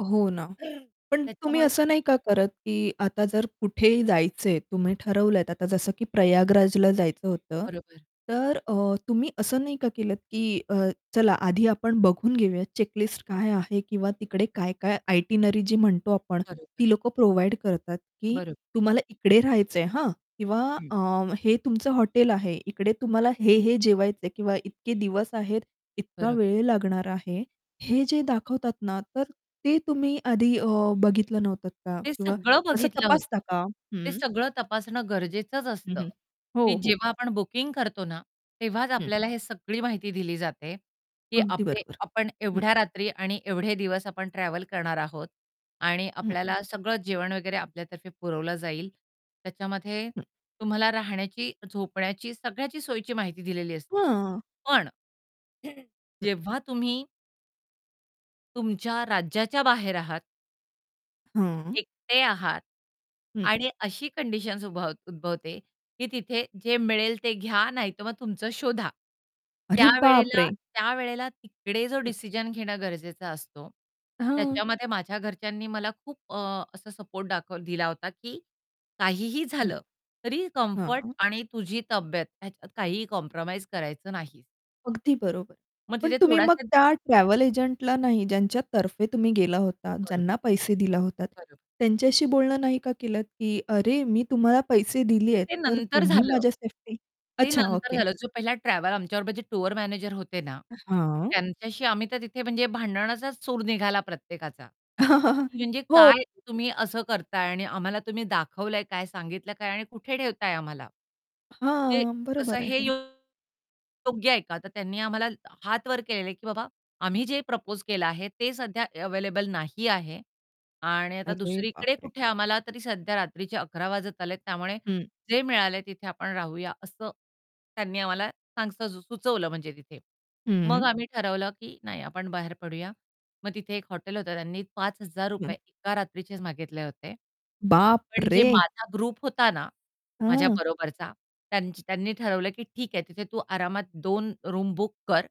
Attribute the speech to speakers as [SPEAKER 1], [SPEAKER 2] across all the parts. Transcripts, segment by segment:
[SPEAKER 1] हो ना.
[SPEAKER 2] तर
[SPEAKER 1] पण तुम्ही
[SPEAKER 2] त्याच्यामुळे
[SPEAKER 1] असं नाही का करत, की आता जर कुठेही जायचं आहे तुम्ही ठरवलत आता जसं की प्रयागराजला जायचं होतं.
[SPEAKER 2] बरोबर.
[SPEAKER 1] तर अ, तुम्ही असं नाही का केलत, की अ, चला आधी आपण बघून घेऊयात चेक लिस्ट काय आहे किंवा तिकडे काय-काय आयटिनरी जी म्हणतो आपण.
[SPEAKER 2] बरोबर.
[SPEAKER 1] ती लोक प्रोव्हाईड करतात, की
[SPEAKER 2] बरोब
[SPEAKER 1] तुम्हाला इकडे राहायचं आहे, हां. किंवा
[SPEAKER 2] हं.
[SPEAKER 1] अ, हे तुमचं हॉटेल आहे, इकडे तुम्हाला हे-हे जेवायचं आहे किंवा इतके दिवस आहेत, इतका
[SPEAKER 2] बरं.
[SPEAKER 1] वेळ लागणार आहे. हे जे दाखवतात ना, तर ते तुम्ही आधी अ, बघितलं नव्हतं का?
[SPEAKER 2] ते
[SPEAKER 1] किंवा
[SPEAKER 2] सगळं
[SPEAKER 1] असं
[SPEAKER 2] बघितलं होतं,
[SPEAKER 1] तपासता का?
[SPEAKER 2] ते
[SPEAKER 1] हं
[SPEAKER 2] सगळं तपासणं गरजेचंच
[SPEAKER 1] हं,
[SPEAKER 2] असतं,
[SPEAKER 1] हं.
[SPEAKER 2] की
[SPEAKER 1] हो, हो.
[SPEAKER 2] जेव्हा आपण बुकिंग करतो ना, तेव्हाच
[SPEAKER 1] हं.
[SPEAKER 2] आपल्याला हे सगळी माहिती दिली जाते, की
[SPEAKER 1] अगदी
[SPEAKER 2] आपले
[SPEAKER 1] बरोबर.
[SPEAKER 2] आपण
[SPEAKER 1] हं.
[SPEAKER 2] एवढ्या रात्री आणि एवढे दिवस आपण ट्रॅव्हल करणार आहोत. आणि
[SPEAKER 1] हं, हं.
[SPEAKER 2] आपल्याला सगळं जेवण वगैरे आपल्यातर्फे पुरवलं जाईल. त्याच्यामध्ये
[SPEAKER 1] हं.
[SPEAKER 2] तुम्हाला राहण्याची, झोपण्याची सगळ्याची सोयीची माहिती दिलेली असते.
[SPEAKER 1] हां.
[SPEAKER 2] पण
[SPEAKER 1] हं.
[SPEAKER 2] जेव्हा तुम्ही तुमच्या राज्याच्या बाहेर आहात
[SPEAKER 1] हं.
[SPEAKER 2] एकटे आहात.
[SPEAKER 1] हं.
[SPEAKER 2] आणि अशी कंडिशन्स उभ उद्भवते, की तिथे जे मिळेल ते घ्या नाहीतर मग तुमचं शोधा.
[SPEAKER 1] अरे
[SPEAKER 2] त्यावेळेला
[SPEAKER 1] बापरे!
[SPEAKER 2] त्यावेळेला तिकडे जो
[SPEAKER 1] हं.
[SPEAKER 2] डिसिजन घेणं गरजेचं असतो.
[SPEAKER 1] हां.
[SPEAKER 2] त्याच्यामध्ये माझ्या घरच्यांनी मला खूप अ, असा सपोर्ट दाखव दिला होता, की काहीही
[SPEAKER 1] हं.
[SPEAKER 2] झालं, तरी कम्फर्ट
[SPEAKER 1] हां.
[SPEAKER 2] आणि तुझी तब्येत ह्याच्यात काहीही कॉम्प्रोमाईज करायचं नाहीस.
[SPEAKER 1] अगदी बरोबर.
[SPEAKER 2] मग
[SPEAKER 1] पण
[SPEAKER 2] तिथे
[SPEAKER 1] तुम्ही मग
[SPEAKER 2] थोडासा
[SPEAKER 1] त्या ट्रॅव्हल एजंटला नाही ज्यांच्यातर्फे तुम्ही गेला होतात,
[SPEAKER 2] बरोबर.
[SPEAKER 1] ज्यांना पैसे दिला होतात.
[SPEAKER 2] बरोब
[SPEAKER 1] त्यांच्याशी बोलणं नाही का केलंत, की "अरे मी तुम्हाला पैसे दिले आहेत
[SPEAKER 2] ते
[SPEAKER 1] तर
[SPEAKER 2] नंतर
[SPEAKER 1] तुम्ही
[SPEAKER 2] झालं.
[SPEAKER 1] माझ्या सेफ्टी"
[SPEAKER 2] ते
[SPEAKER 1] अच्छा.
[SPEAKER 2] नंतर
[SPEAKER 1] ओके.
[SPEAKER 2] झालं. जो पहिला ट्रॅव्हल आमच्याबरोबर जे टूर मॅनेजर होते ना,
[SPEAKER 1] अ, हां.
[SPEAKER 2] त्यांच्याशी आम्ही तर तिथे म्हणजे भांडणाचाच सूर निघाला प्रत्येकाचा. म्हणजे,
[SPEAKER 1] हो.
[SPEAKER 2] "काय तुम्ही असं करत आहे? आणि आम्हाला तुम्ही दाखवलं आहे काय? सांगितलं आहे काय आणि कुठे ठेवताय आम्हाला? ते
[SPEAKER 1] हां.
[SPEAKER 2] असं
[SPEAKER 1] बरोबर
[SPEAKER 2] हे,
[SPEAKER 1] आहे.
[SPEAKER 2] अ, योग्य आहे का?" तर त्यांनी आम्हाला हात वर केलेल आहे, की "बाबा आम्ही जे प्रपोज केलं आहे ते सध्या अवेलेबल नाही आहे आणि आता
[SPEAKER 1] अरे
[SPEAKER 2] दुसरीकडे
[SPEAKER 1] बापरे!
[SPEAKER 2] कुठे आम्हाला तरी सध्या रात्रीचे 11:00 वाजत आलेत त्यामुळे
[SPEAKER 1] हं.
[SPEAKER 2] जे मिळाल, तिथे आपण राहूया" असं त्यांनी आम्हाला सांग स् सुचवलं म्हणजे तिथे.
[SPEAKER 1] हं.
[SPEAKER 2] मग आम्ही ठरवलं, की नाही आपण बाहेर पडूया. मग तिथे एक हॉटेल होतं त्यांनी पाच हजार
[SPEAKER 1] हं.
[SPEAKER 2] रुपये एका रात्रीचेच मागितले होते.
[SPEAKER 1] बाप
[SPEAKER 2] पण जे
[SPEAKER 1] रे!
[SPEAKER 2] माझा ग्रुप होता ना, माझ्या
[SPEAKER 1] हां.
[SPEAKER 2] बरोबरचा त्यांची त्यांनी ठरवलं, की ठीक आहे तिथे तू आरामात 2 रूम बुक कर.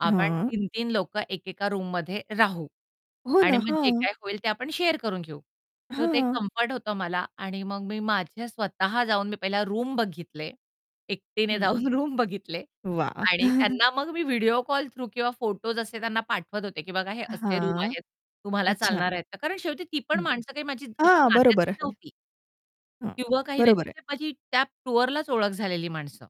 [SPEAKER 2] आपण
[SPEAKER 1] हां.
[SPEAKER 2] 3-3 लोकं एकेका रूममध्ये राहू
[SPEAKER 1] हो
[SPEAKER 2] आणि
[SPEAKER 1] ना.
[SPEAKER 2] मग जे
[SPEAKER 1] हां.
[SPEAKER 2] काही होईल ते आपण शेअर करून घेऊ. तर ते
[SPEAKER 1] हां.
[SPEAKER 2] कम्फर्ट होतं मला आणि मग मी माझ्या स्वतः जाऊन मी पहिला रूम बघितले एकटीने
[SPEAKER 1] हं.
[SPEAKER 2] जाऊन रूम बघितले
[SPEAKER 1] वाह!
[SPEAKER 2] आणि त्यांना मग मी व्हिडिओ कॉल थ्रू किंवा फोटोस असे त्यांना पाठवत होते, की बघा हे असे रूम
[SPEAKER 1] हां.
[SPEAKER 2] आहेत तुम्हाला
[SPEAKER 1] अच्छा.
[SPEAKER 2] चालणार आहेत का? कारण शेवटी ती पण
[SPEAKER 1] हं.
[SPEAKER 2] माणसं काही माझी अशी
[SPEAKER 1] हां, बरोबर
[SPEAKER 2] नात्यातली
[SPEAKER 1] आहे.
[SPEAKER 2] नव्हती.
[SPEAKER 1] हं.
[SPEAKER 2] किंवा काही नाही
[SPEAKER 1] बरोबर आहे.
[SPEAKER 2] तिथे माझी त्या टूअरलाच ओळख झालेली माणसं.